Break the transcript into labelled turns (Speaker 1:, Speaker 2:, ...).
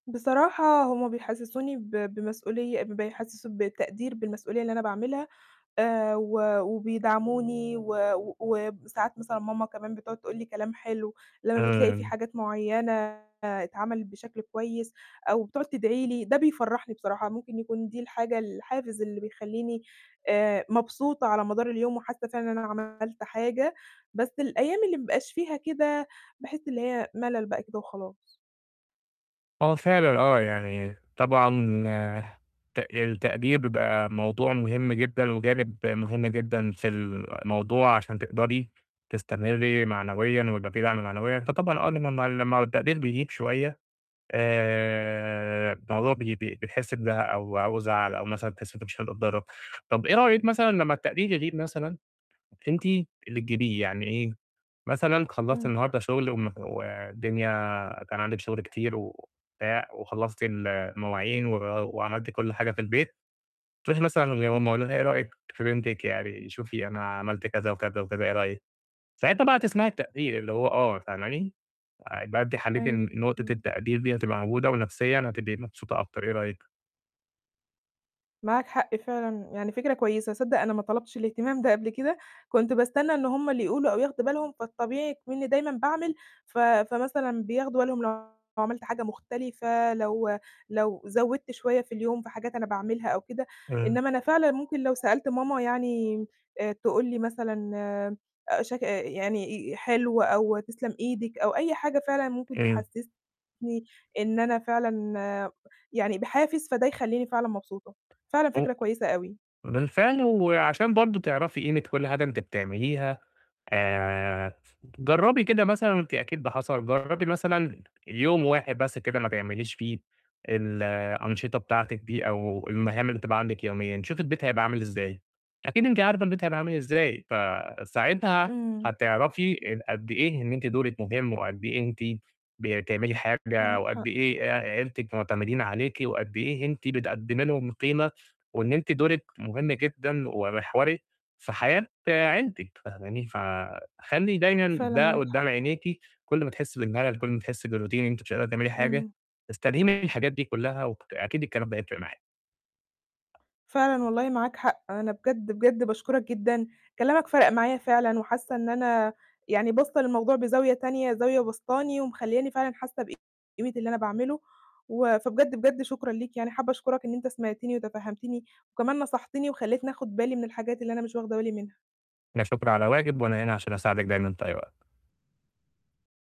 Speaker 1: بصراحة، هُم بيحسّسوني ب بمسؤولية، ب بيحسّسوا بالتقدير بالمسؤولية اللي أنا باعملها، آآ و وبيدعموني، و وساعات مثلًا ماما كمان بتقعد تقول لي كلام حلو، لمّا بتلاقي في
Speaker 2: إمم.
Speaker 1: حاجات معيّنة اتعملِت بشكل كويس، أو بتقعد تدعي لي، ده بيفرّحني بصراحة. ممكن يكون دي الحاجة الحافز اللي بيخلّيني آآ مبسوطة على مدار اليوم، وحاسّة فعلًا إن أنا عملت حاجة، بس الأيام اللي ما بيبقاش فيها كده، باحس اللي هي ملل بقى كده وخلاص.
Speaker 2: آه، فعلًا، آه، يعني طبعًا تق التقدير بيبقى موضوع مهم جدًا، وجانب مهم جدًا في الموضوع، عشان تقدري تستمري معنويًا، ويبقى في دعم معنويًا، فطبعًا آه، لمّا لمّا والتقدير بيغيب شوية، آآ الموضوع ب ب بتحسي بزهق أو زعَل أو مثلًا بتحسي إن أنت مش [unintelligible] طب إيه رأيِك مثلًا لمّا التقدير يغيب مثلًا، أنتِ اللي تجيبيه؟ يعني إيه، مثلًا خلّصتِ
Speaker 1: إمم.
Speaker 2: النهارده شُغل، وم ودنيا، كان عندِك شُغل كتير وبتاع، وخلّصتِ ال المواعين، و وعملتِ كُلّ حاجة في البيت. تروحي مثلًا: "يا ماما
Speaker 1: إمم.
Speaker 2: قولي لنا إيه رأيِك في بنتِك، يعني شوفي أنا عملت كذا، وكذا، وكذا، إيه رأيِك؟" ساعتها بقى هتسمعي التقدير، اللي هو آه، فاهماني، آآ يبقى أنتِ حليتِ
Speaker 1: أيوه.
Speaker 2: نقطة
Speaker 1: إمم.
Speaker 2: التقدير دي هتبقى موجودة، ونفسيًا هتبقي مبسوطة أكتر، إيه رأيِك؟
Speaker 1: معاك حق، فعلًا، يعني فكرة كويسة. صدّق أنا ما طلبتش الاهتمام ده قبل كده، كنت باستنى إن هُم اللي يقولوا، أو ياخدوا بالهم، فالطبيعي إكمنّي دايمًا باعمل، ف فمثلًا بياخدوا بالهم لو عملت حاجة مختلفة، لو لو زودت شوية في اليوم في حاجات أنا باعملها أو كده.
Speaker 2: امم.
Speaker 1: إنما أنا فعلًا ممكن لو سألت ماما يعني آآ تقول لي مثلًا آآ شك إ يعني آآ حلو أو تسلم إيدِك أو أي حاجة فعلًا ممكن
Speaker 2: أيوه.
Speaker 1: تحسّسني إن أنا فعلًا يعني بحافز، فده يخلّيني فعلًا مبسوطة. فعلًا فكرة كويسة أوي.
Speaker 2: بالفعل. وعشان برضه تعرفي قيمة كُلّ حاجة أنتِ بتعمليها، آآ جرّبي كده مثلًا وأنتِ أكيد ده حصل، جرّبي مثلًا يوم واحد بس كده ما تعمليش فيه الأنشطة بتاعتِك دي، أو المهام اللي بتبقى عندِك يوميًا، شوفي البيت هيبقى عامل إزاي؟ أكيد أنتِ عارفة البيت هيبقى عامل إزاي. فساعتها
Speaker 1: إمم.
Speaker 2: هتعرفي أ قد إيه إن أنتِ دورِك مهم، وقد إيه أنتِ بتعملي حاجة،
Speaker 1: معاك
Speaker 2: وقد
Speaker 1: حق.
Speaker 2: إيه أ عيلتِك معتمدين عليكِ، وقد إيه أنتِ بتقدّمي لهم قيمة، وإن أنتِ دورِك مهم جدًا، ومحوري، في حياة عيلتِك، فاهماني، فخلّي دايمًا
Speaker 1: فعلًا،
Speaker 2: ده
Speaker 1: معاك
Speaker 2: قدّام
Speaker 1: حق.
Speaker 2: عينيكي، كُلّ ما تحسي بالملل، كُلّ ما تحسي بالRoutine إن أنتِ مش قادرة تعملي حاجة،
Speaker 1: إمم.
Speaker 2: استلهمي من الحاجات دي كُلّها. وأكيد الكلام ده هيفرِق معاكِ.
Speaker 1: فعلًا والله، معاك حق. أنا بجد، بجد باشكرك جدًا. كلامك فَرَق معايا فعلًا، وحاسّة إن أنا يعني باصّة للموضوع بزاوية تانية، زاوية بسطاني، ومخلّياني فعلًا حاسّة بقيمة اللي أنا باعمله، و فبجد، بجد شكرًا ليك، يعني حابة أشكرك إن أنت سمعتني، وتفهمتني، وكمان نصحتني، وخلّيتني آخد بالي من الحاجات اللي أنا مش واخدة بالي منها.
Speaker 2: لا شكر على واجب، وأنا هنا عشان أساعدِك دايمًا في أي وقت.